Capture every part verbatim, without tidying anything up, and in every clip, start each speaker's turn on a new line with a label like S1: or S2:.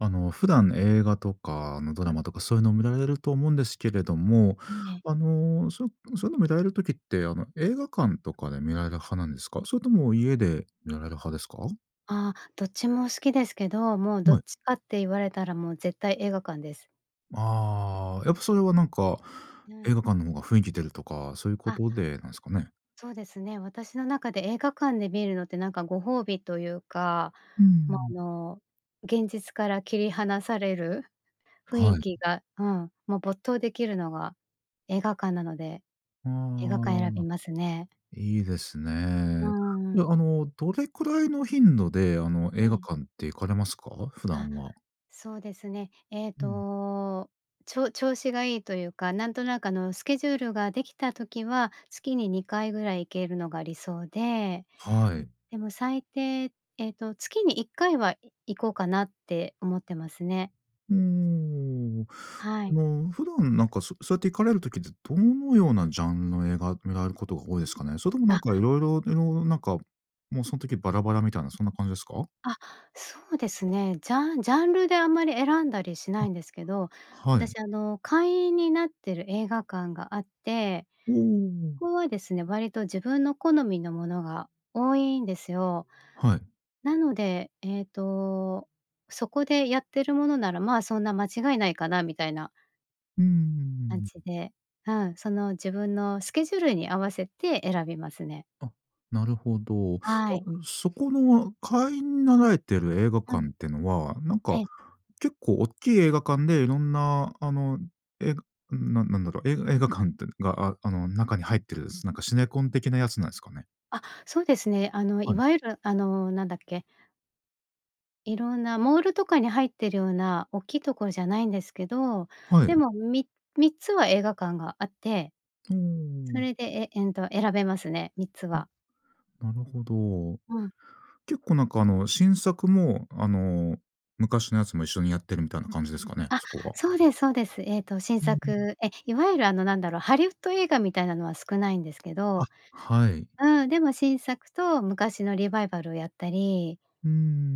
S1: あの、普段映画とか、あの、ド
S2: う
S1: ラ
S2: ん。
S1: マとかそういうのを観られると思うんですけれども、
S2: うん、ね。
S1: あの、そそういうの観られる時って、あの、映画館とかで観られる派なんですか？それとも家で観られる派ですか？
S2: ああ、どっちも好きですけど、もうど
S1: は
S2: っ
S1: い。
S2: ちかって言われたら、もう絶対、映画館です。
S1: ああ、やっぱ、それはなんか、
S2: う
S1: 映
S2: ん。
S1: 画館の方が雰囲気出るとか、そういうこ
S2: あ。
S1: とで、なんすかね？
S2: そうですね、私の中で映画館で観るのって、なんか、ご褒美というか、
S1: うー
S2: ま、
S1: ん。
S2: あの、現実から切り離されるふいん
S1: はい。
S2: きが、うん、もう没頭できるのが映画館なので、
S1: あ
S2: 映画館選
S1: あ。
S2: びますね。
S1: いいです
S2: うー
S1: ね。で、
S2: ん。
S1: あの、どれくらいの頻度で、あの、
S2: え
S1: 映画
S2: え。
S1: 館って行かれますか？普
S2: あ、
S1: 段は。
S2: そうですね。えっ
S1: うん。
S2: と、ちょ調子がいいというか、なんとなく、あの、スケジュールができた時は、月ににかいぐらい行けるのが理想で、
S1: はい。
S2: でも最低、えっと、月にいっかいは、い行こうかなって思ってますね。
S1: うーん。
S2: は
S1: あ
S2: い。
S1: の、普段なんか、そそうやって行かれる時って、どのようなジャンルの映画、観られることが多いですかね？それともな
S2: あ。
S1: んか色々色々なんか、もうそん時バラバラみたいなそんな感じですか？
S2: あ、そうですね、ジャンジャンルであんまり選んだりしな
S1: あ、
S2: いんですけど、
S1: はい。
S2: 私、あの、会員になってる映画館があって、
S1: うーん。
S2: そこはですね、割と自分の好みのものが多いんですよ。
S1: はい。
S2: なので、えっと、そこでやってるものなら、まあ、そんな間違いないかなみたいな。
S1: うー
S2: 感
S1: ん。
S2: じで、うん、その自分のスケジュールに合わせて選びますね。
S1: あ、なるほど。
S2: はい。
S1: あの、そこの、あ会員になられてる映画
S2: うん。
S1: 館ってのは、なん
S2: え
S1: か、
S2: え。
S1: 結構おっきい映画館で色んな、あの、映画うーん、なんなんだろう、映画映画館ってのが、あ、あの中に入ってる、すなんかシネコン的なやつなんすかね？
S2: あ、そうですね。あの、い
S1: はい。
S2: わゆる、あの、何だっけ。色んなモールとかに入ってるような、おっきいところじゃないんですけど、
S1: は
S2: で
S1: い。
S2: も、みみっつは映画館があって
S1: うー
S2: そ
S1: ん。
S2: れで、え、えんと、選べますね、みっつ
S1: うん、
S2: は。
S1: なるほど。
S2: うん。
S1: 結構なんか、あの、新作も、あの、昔のやつも一緒にやってるみたいな感じですかね？
S2: あ、
S1: そこは。
S2: そうですそうです。えっと、新
S1: ふーん。
S2: 作、え、いわゆる、あの、何だろう、ハリウッド映画みたいなのは少ないんですけ
S1: あ、
S2: ど
S1: はい。
S2: うん、でも新作と昔のリバイバルをやったり、
S1: うー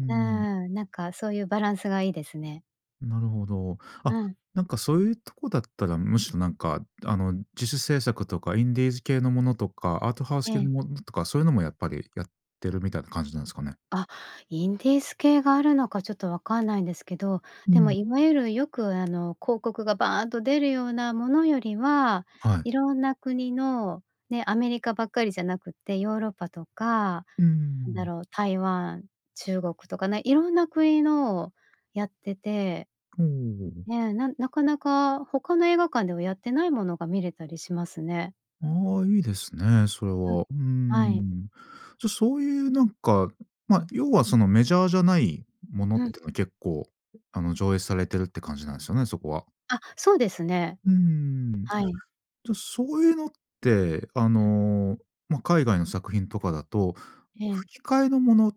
S2: うー
S1: ん。
S2: ん、なんか、そういうバランスがいいですね。
S1: なるほど。あ、
S2: うん。
S1: なんか、そういうとこだったら、寧ろなんか、あの、自主制作とかインディーズ系のものとか、アートハウス
S2: え
S1: 系
S2: え。
S1: のものとか、そういうのもやっぱり、やってるみたいな感じなんすかね？
S2: あ、インディース系があるのかちょっと分かんないんですけど、
S1: う
S2: でも、
S1: ん。
S2: いわゆるよく、あの、広告がバーンっと出るようなものよりは、
S1: はい。
S2: 色んな国の、ね、アメリカばっかりじゃなくて、ヨーロッパとか、
S1: うー
S2: なんだ
S1: ん。
S2: ろう、台湾、中国とかね、色んな国のをやってて
S1: ほう、おおお。
S2: ね、ななかなか他の映画館ではやってないものが見れたりしますね。
S1: ああ、いいですね、それ
S2: うん。
S1: は。うー
S2: はい。
S1: ん。じゃ、そういう、なんか、ま、要はそのメジャーじゃないものっ
S2: うん。
S1: てのを結構、あの、上映されてるって感じなんすよね、そこは。
S2: あ、そうですね。
S1: うーん。
S2: はい。
S1: じゃ、そういうのって、あ
S2: うん。
S1: の、ま、海外の作品とかだと、
S2: ええ。
S1: 吹き替えのもの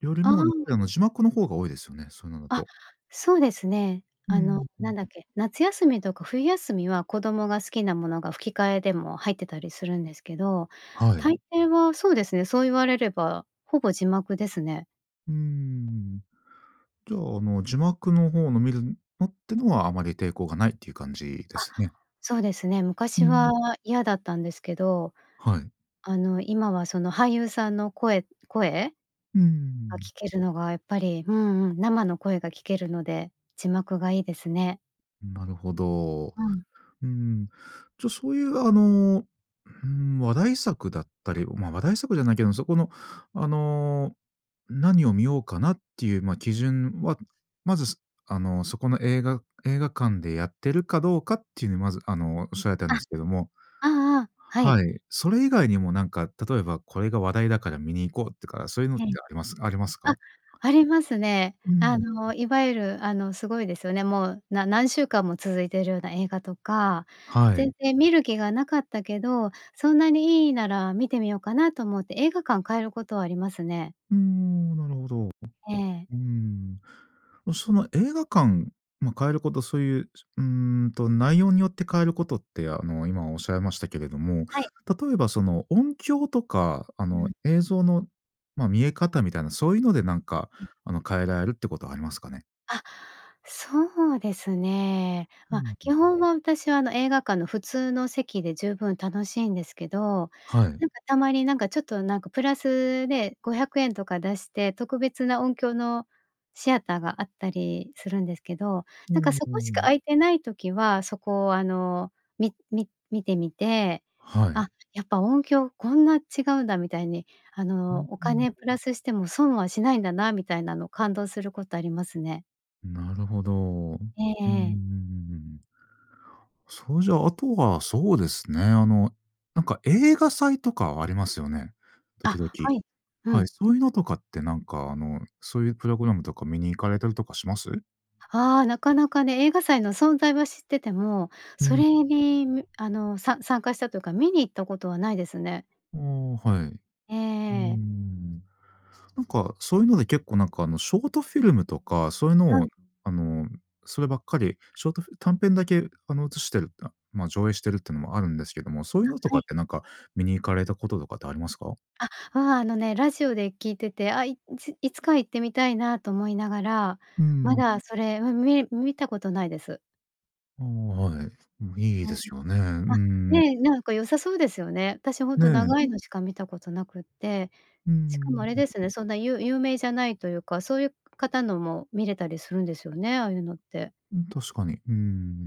S1: より
S2: あ
S1: も、やっ
S2: あ。
S1: ぱり、あの、字幕の方が多いですよね、そういうのだ
S2: あ、
S1: と。
S2: そうですね。
S1: うー
S2: あの、
S1: ん、うん。
S2: 何だっけ？夏休みとか冬休みは、子供が好きなものが吹き替えでも入ってたりするんですけど、
S1: はい。
S2: 大抵はそうですね、そう言われれば、ほぼ字幕ですね。
S1: うーん。じゃあ、あの、字幕の方の見るのってのはあまり抵抗がないっていう感じで
S2: あ、
S1: すね。
S2: そうですね。
S1: う
S2: 昔
S1: ん。
S2: は嫌だったんですけど。
S1: はい。
S2: あの、今は、その、俳優さんの声声？
S1: うー
S2: が
S1: ん。
S2: 聞けるのがやっぱり、うんうん、生の声が聞けるので、字幕がいいですね。
S1: なるほど。
S2: うん。
S1: うん、じゃ、そういう、あの、うん、話題作だったり、ま、話題作じゃないけどそこの、あの、何を見ようかなっていう、ま、基準は、まず、あの、そこの映画映画館でやってるかどうかっていうのにまず、あの、おっしゃられたん
S2: あ、あ
S1: ですけども。
S2: あああ、はい。
S1: はい。それ以外にも、なんか、例えばこれが話題だから見に行こうとか、そういうのっ
S2: え
S1: て
S2: え、
S1: ありますあります
S2: あ、
S1: か？
S2: ありますね。
S1: う
S2: あ
S1: ん。
S2: の、いわゆる、あの、すごいですよね。もう、な何週間も続いているような映画とか
S1: は
S2: 全
S1: い。
S2: 然見る気がなかったけどそんなにいいなら見てみようかなと思って映画館変えることはありますね。
S1: うーん、なるほど。う
S2: ええ。
S1: ーん。その、映画館、ま、変えること、そういう、うーんと、内容によって変えることって、あの、今おっしゃいましたけれども、
S2: はい。
S1: 例えば、その、音響とか、あ
S2: う
S1: の、
S2: ん。
S1: 映像の、ま、見え方みたいなそういうので、なんか、
S2: え。
S1: あの、変えられるってことはありますかね？
S2: あ。そうですね。
S1: う
S2: ま、
S1: ん。
S2: 基本は私は、あの、映画館の普通の席で十分楽しいんですけど、
S1: はい。
S2: なんか、たまに、なんか、ちょっとなんかプラスでごひゃくえんとか出して特別な音響の、シアターがあったりするんですけど、
S1: う
S2: なんか
S1: ん
S2: そ
S1: う
S2: こしか
S1: ん。
S2: 空いてない時はそこを、あの、みみ見てみて、
S1: はい。
S2: あ、やっぱ音響こんな違うんだ、みたいに、あ
S1: う
S2: の、お
S1: ーん。
S2: 金プラスしても損はしないんだなみたいなのを感動することありますね。
S1: なるほど。うん
S2: ええ
S1: うんうんう
S2: ええ。
S1: んうん。それじゃあ、あとは、そうですね。あの、なんか映画祭とかありますよね？時
S2: あ、
S1: 々。
S2: はい。う
S1: はい。
S2: ん。
S1: そういうのとかってなんか、あの、そういうプログラムとか見に行かれたりとかします？
S2: ああ、なかなかね、映画祭の存在は知ってても、
S1: う
S2: そ
S1: ん。
S2: れに、むあの、さ参加したというか見に行ったことはないですね。
S1: ああ、はい。
S2: ええー
S1: うー
S2: ええ。
S1: ん。なんか、そういうので結構なんか、あの、ショートフィルムとか、そういう
S2: う
S1: のを、
S2: ん。
S1: あの、そればっかり、ショートフ短編だけ、あの、映してるあ、ま、上映してるっていうのもあるんですけども、そういうのと
S2: あ、は
S1: か
S2: い。
S1: ってなんか、見に行かれたこととかってありますか？
S2: あ、うん。あのね、ラジオで聞いてて、あ、いいついつか行ってみたいなと思いながら、
S1: う
S2: ま
S1: ん。
S2: だそれ、うん。み見たことないです。
S1: あ、はい。いい
S2: うん。
S1: ですよね。う
S2: あ、
S1: ん。
S2: ね、なんか良さそうですよね。私、本当、
S1: ね。
S2: 長いのしか見たことなくって、
S1: うー
S2: しかも、
S1: ん。
S2: あれですね、そんな、ゆ有名じゃないというか、そういう方のも見れたりするんですよね、ああいうのって。
S1: うん、確かに。うー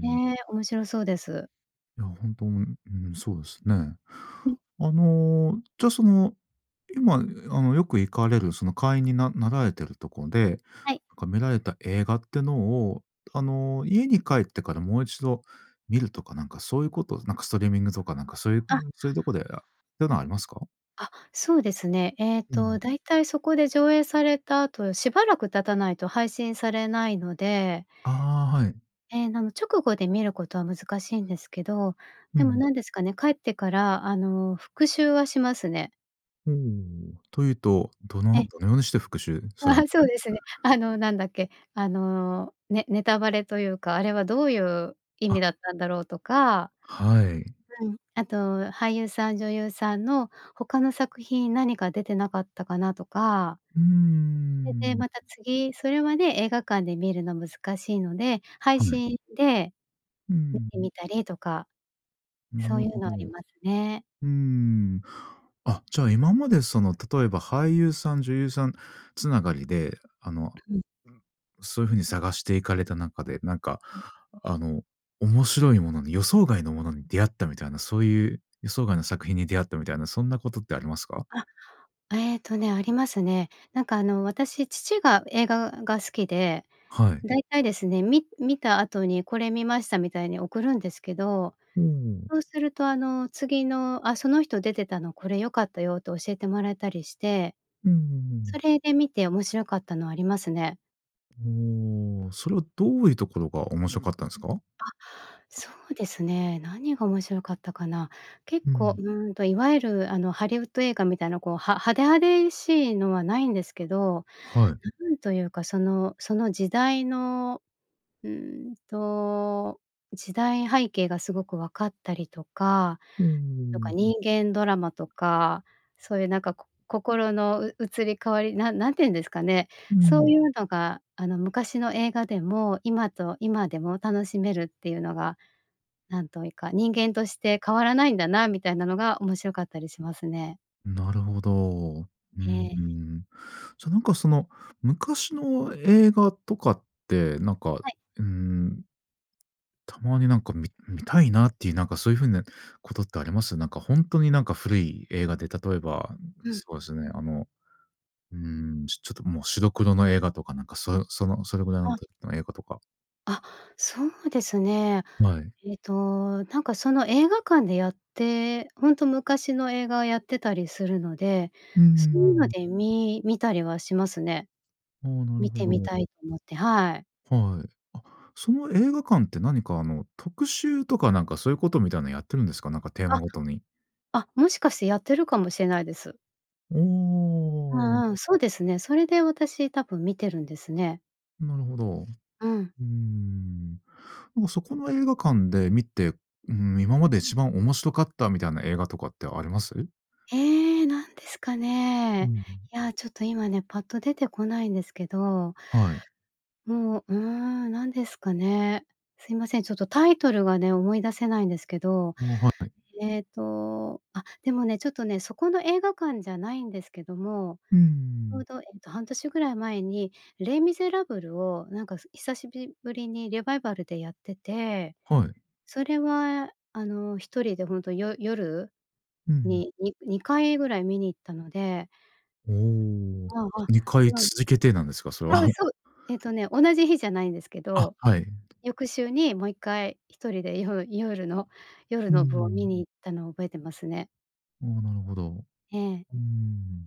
S2: へえ、面白そうです。
S1: いや、本当、うん、そうですね。
S2: うん。
S1: あの、じゃあ、その、今、あの、よく行かれる、その、会員にななられてるとこで、
S2: はい。
S1: なんか見られた映画ってのを、あの、家に帰ってからもういちど、見るとかなんか、そういうこと、なんか、ストリーミングとか、なんか、そういう、
S2: あ。
S1: そういうとこであ、っていうのはありますか？
S2: あ、そうですね。えっ
S1: う
S2: と、
S1: ん。
S2: だいたいそこで上映された後、しばらく経たないと配信されないので。
S1: あ、はい。
S2: え、あの、直後で見ることは難しいんですけど、
S1: う
S2: でも、
S1: ん。
S2: 何ですかね、帰ってから、あの、復習はしますね。
S1: おお。というと、どの
S2: え。
S1: どのようにして復習され
S2: そうですね。あの、なんだっけ？あの、ネネタバレというか、あれはどういう意
S1: あ。
S2: 味だったんだろうとか
S1: はい。
S2: うん、あと俳優さん、女優さんの、他の作品何か出てなかったかなとか。
S1: うー
S2: それで
S1: ん。
S2: また次それはね、映画館で観るのは難しいので、配
S1: はい。
S2: 信で
S1: う
S2: 見
S1: ん。
S2: てみたりとか。
S1: な
S2: そ
S1: る
S2: うい
S1: ほ
S2: うのあ
S1: ど。
S2: りますね。
S1: うーん。あ、じゃあ、今まで、その、例えば俳優さん、女優さんつながりで、あの、ん、
S2: うん。
S1: そういう風に探していかれた中で、なんか、
S2: うん。
S1: あの、面白いものに、予想外のものに出会ったみたいな、そういう、予想外の作品に出会ったみたいな、そんなことってありますか？
S2: あ、えっとね、ありますね。なんか、あの、私、父が映画が好きで、
S1: はい。
S2: だいたいですね、見見た後に、これ見ましたみたいに送るんですけど、
S1: おお。
S2: そうすると、あの、次の「あ、その人出てたのこれ良かったよ」と教えてもらえたりして。
S1: うんうんう
S2: そ
S1: ん。
S2: れで見て面白かったのはありますね。
S1: おお、それはどういうところが面白かったんですか？
S2: あ、そうですね。何が面白かったかな。結
S1: う
S2: 構、
S1: ん。
S2: うんと、いわゆるあのハリウッド映画みたいなこう、は派手派手しいのはないんですけど、
S1: はい。
S2: なんというかその、その時代の、うんと、時代背景がすごくわかったりとか、
S1: うー
S2: とか
S1: ん。
S2: 人間ドラマとか、そういうなんか、こ心のう移り変わり、な何て言うんですかね、
S1: う
S2: そう
S1: ん。
S2: いうのがあの昔の映画でも今と今でも楽しめるっていうのが、なんというか、人間として変わらないんだなみたいなのが面白かったりしますね。
S1: なるほど。うー
S2: ええ。
S1: ん。じゃ、なんかその昔の映画とかって、なんか、う
S2: はい。
S1: ーんたまになんか、み観たいなっていうなんか、そういう風なことってあります？なんか、ほんとになんか、古い映画で、例えば、
S2: うん。
S1: そうですね。あの、うーん、ちょちょっと、もう白黒の映画とかなんか、そよその、それぐらいの
S2: あ。
S1: 時の映画とか。
S2: あ、そうですね。
S1: はい。
S2: えっと、なんかその映画館でやって、ほんと昔の映画やってたりするので、
S1: うんうんう
S2: そういうの
S1: んうん。
S2: で、み観たりはしますね。
S1: ああ、なる
S2: 観
S1: ほ
S2: てみた
S1: ど。
S2: いと思って。はい。
S1: はい。あ、その映画館って何かあの特集とか、なんかそういうことみたいのやってるんですか？なんかテーマ
S2: あ、
S1: ごとに。
S2: あ、もしかしてやってるかもしれないです。
S1: お
S2: う
S1: お。
S2: んうん、そうですね。それで私、多分見てるんですね。
S1: なるほど。う
S2: うん。
S1: ーん。ま、そこの映画館で見て、うーん、今まで一番面白かったみたいな映画とかってあります？
S2: ええ、なんですか
S1: うん
S2: ね。
S1: うん。
S2: いや、ちょっと今ね、パッと出てこないんですけど
S1: はい。
S2: もううーん、何ですかね。すいません、ちょっとタイトルがね、思い出せないんですけど、
S1: あ、はい。
S2: えっと、あ、でもね、ちょっとね、そこの映画館じゃないんですけども、
S1: うー
S2: ちょう
S1: ん。
S2: ど、えっと、半年ぐらい前にレ・ミゼラブルを、なんか久しびぶりにリバイバルでやってて、
S1: はい。
S2: それは、あの、ひとりでほんと、よ夜
S1: うん、う。
S2: に、ににかいぐらい見に行ったので
S1: おお、
S2: うん、あ、
S1: にかい
S2: うん。
S1: 続けてなんですか？それは。
S2: あ、そう、えっとね、同じ日じゃないんですけ
S1: あ、
S2: ど、
S1: はい。
S2: 翌週に、もういっかいひとりで、よ夜の夜
S1: うー
S2: の部を見
S1: ん。
S2: に行ったのを覚えてますね。
S1: ああ、なるほど。
S2: ええ。
S1: うーん。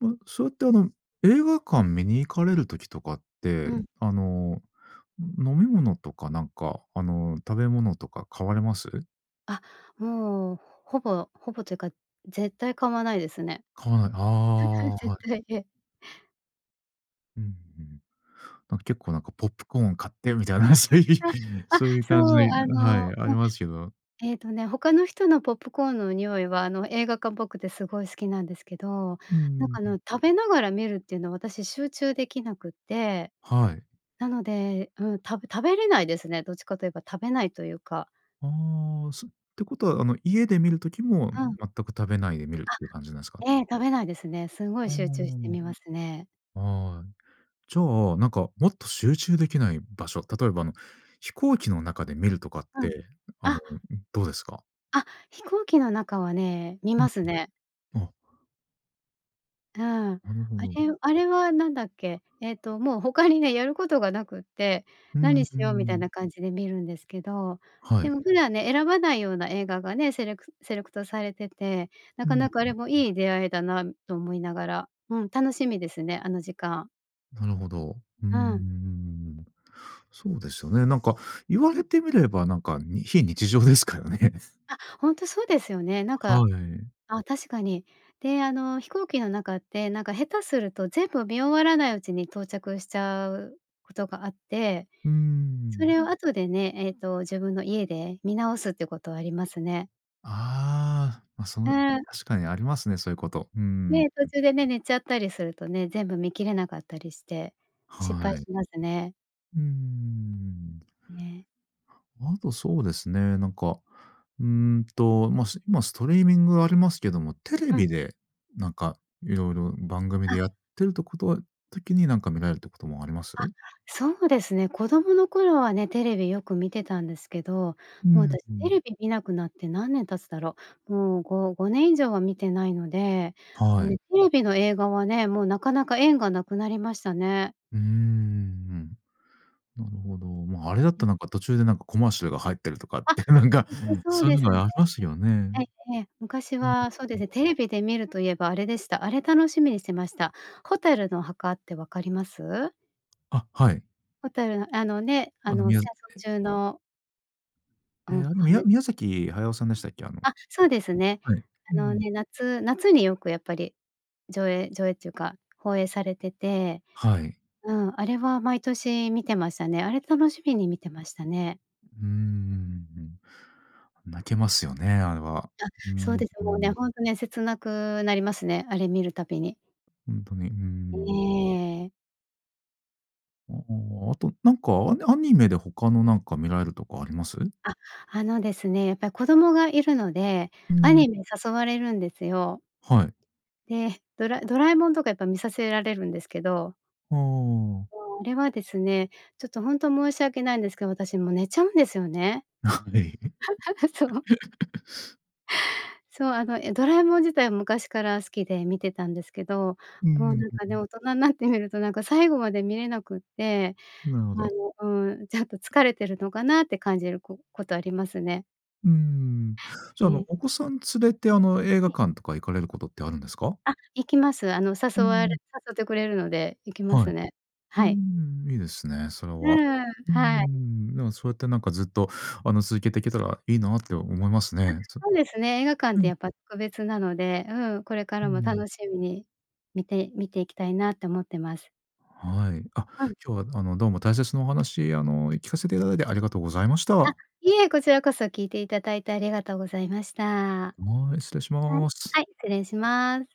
S1: ま、そうやって、あの、映画館、見に行かれる時とかって、
S2: うん。
S1: あの、飲み物とか、なんか、あの、食べ物とか買われます？
S2: あ、もう、ほぼほぼというか、絶対買わないですね。
S1: 買わない、あ あ、
S2: 絶
S1: はい。
S2: 対。ええ。
S1: うんうん。なんか結構なんかポップコーン買ってみたいな、そういう
S2: あ、あ、
S1: そういう感じは
S2: そうあの、
S1: い、あり
S2: う
S1: ますけど。
S2: ん、えっとね他の人のポップコーンの匂いはあの映画館っぽくてすごい好きなんですけど、
S1: うー
S2: なんかあ
S1: ん。
S2: の食べながら見るっていうのは私集中できなくって。
S1: はい。
S2: なので、うん、食べ食べれないですね。どっちかと言えば食べないというか。
S1: ああ、すってことはあの家で見る時も
S2: うん。
S1: 全く食べないで見る
S2: あ、
S1: っていう感じなんですか？
S2: ええ、食べないですね。すごい
S1: ほ
S2: 集中してみま
S1: お。
S2: すね。
S1: はい。じゃあ、なんかもっと集中できない場所、例えばあの飛行機の中で見るとかっ
S2: うん。
S1: て、あの
S2: あ。
S1: どうですか？
S2: あ、飛行機の中はね、見
S1: う
S2: ま
S1: ん
S2: すね。
S1: うん。ああ。
S2: うん、あ
S1: なるほど。
S2: れあれは何だっけ？えっともう他にねやることがなくって
S1: うん
S2: 何し
S1: う
S2: ようみたい
S1: ん。
S2: な感じで見るんですけど、
S1: は
S2: で
S1: い。
S2: も普段ね、選ばないような映画がね、セレクセレクトされてて、な
S1: う
S2: か
S1: ん
S2: なかあ
S1: うん。
S2: れもいい出会いだなと思いながら、うん、楽しみですね、あの時間。
S1: なるほど。うー
S2: うん。
S1: ん。そうですよね。なんか、言われてみればなんか、に非日常ですからね。
S2: あ、ほんとそうですよね。なんか
S1: はい。
S2: あ、確かに。で、あの、飛行機の中ってなんか下手すると、全部見終わらないうちに到着しちゃうことがあって。
S1: うー
S2: そ
S1: ん。
S2: れを後でね、えっと、自分の家で、見直すってことはありますね。
S1: ああ、ま、そ
S2: う
S1: の、
S2: ん。
S1: 確かにありますね。そういうこと。うーん。
S2: ね、途中でね、寝ちゃったりするとね。全部見きれなかったりして、失
S1: は
S2: 敗
S1: い。
S2: しますね。
S1: うーん。
S2: ね。
S1: あと、そうですね。なんか、うーんと、まあ、し今ストリーミングがありますけども、テレ
S2: うん。
S1: ビで、なんか、色々番組
S2: あ。
S1: でやってるってことはときになんか見られるっていうこともあります？
S2: あ、そうですね。子供の頃はね、テレビよく見てたんですけど、
S1: う
S2: もう
S1: ん
S2: 私
S1: う
S2: テ
S1: ん。
S2: レビ見なくなって何年経つだろう。もう、ごごねん以上は見てないので、もう
S1: はい。
S2: ねテレビの映画はね、もうなかなか縁がなくなりましたね。
S1: うーん。うん。なるほど。まあ、あれだっ
S2: う
S1: たら
S2: ん。
S1: なんか、途中でなんか、コマーシャルが入ったりとかっ
S2: あ、
S1: てなんか、
S2: ほんと、そう
S1: そう
S2: で
S1: いうの
S2: すね。
S1: がありましたけどね。
S2: ええええ。昔
S1: うーん。
S2: は、そうですね。テレビで見るといえばあれでした。あれ楽しみにしてました。火垂るの墓ってわかります？
S1: あ、はい。
S2: 火垂るのあのね、あ
S1: あの、
S2: の、
S1: みや
S2: 戦
S1: ざえ。
S2: 争中のう
S1: え、
S2: ん、
S1: あ、
S2: は
S1: 宮
S2: ね
S1: 宮崎駿さんでしたっけ、あの
S2: あ、そうですね。
S1: はい。う
S2: あの
S1: ん。
S2: ね、夏夏によくやっぱり、上映上映っていうか、放映されてて。
S1: はい。
S2: うん、あれは毎年見てましたね。あれ楽しみに見てましたね。
S1: うーん。泣けますよね、あれは。
S2: あ、
S1: う
S2: そう
S1: ん
S2: です。
S1: う
S2: もうね、
S1: ん。
S2: ほんとね、切なくなりますね、あれ見るたびに。
S1: ほんとに、うー
S2: え
S1: ん。
S2: え。
S1: ああ、あとなんかアニアニメで他のなんか見られるとかあります？
S2: あ、あのですね、やっぱり子供がいるので、
S1: う
S2: ア
S1: ん。
S2: ニメ誘われるんですよ。
S1: はい。
S2: で、ドラドラえもんとかやっぱ見させられるんですけど
S1: ああ。
S2: あの、あれはですね、ちょっとほんと、申し訳ないんですけど、私もう、寝ちゃうんですよね。
S1: はい。
S2: そう。そう、あの、え、ドラえもん自体、昔から好きで見てたんですけど。
S1: うーん、
S2: もう
S1: うん
S2: なんか
S1: う
S2: ね、
S1: ん。
S2: 大人んなって見ると、なんか最後まで見れなくって、
S1: なるほ
S2: あ
S1: ど。
S2: のうん、ちょっと疲れてるのかなって感じるこことありますね。
S1: うーん。じゃあの、
S2: ね。
S1: お子さん連れて、あの映
S2: は
S1: 画
S2: い。
S1: 館とか行かれることってあるんですか？
S2: あ、行きます。あの
S1: う
S2: 誘われ
S1: ん。
S2: 誘ってくれるので、行きま
S1: はい。
S2: すね。
S1: うー
S2: はい。
S1: ん、いいですね、それ
S2: う
S1: は。
S2: ん、
S1: うー
S2: はい。
S1: ん、でもそうやってなんかずっと、あの続けていけたらいいなって思います
S2: あ、
S1: ね。そ
S2: そうですね。映画館っ
S1: う
S2: て
S1: ん。
S2: やっぱ特別なので、うん、これか
S1: うー
S2: らも
S1: ん。
S2: 楽しみに見て見ていきたいなって思ってます。
S1: はい。あ、
S2: うん。
S1: 今日はあの、どうも大切なお話、あの、聞かせていただいてありがとうございまし
S2: あ、
S1: た。
S2: いえ、こちらこそ聞いていただいてありがとうございました。は
S1: はい、失礼し
S2: い、
S1: ます。
S2: はい、失礼します。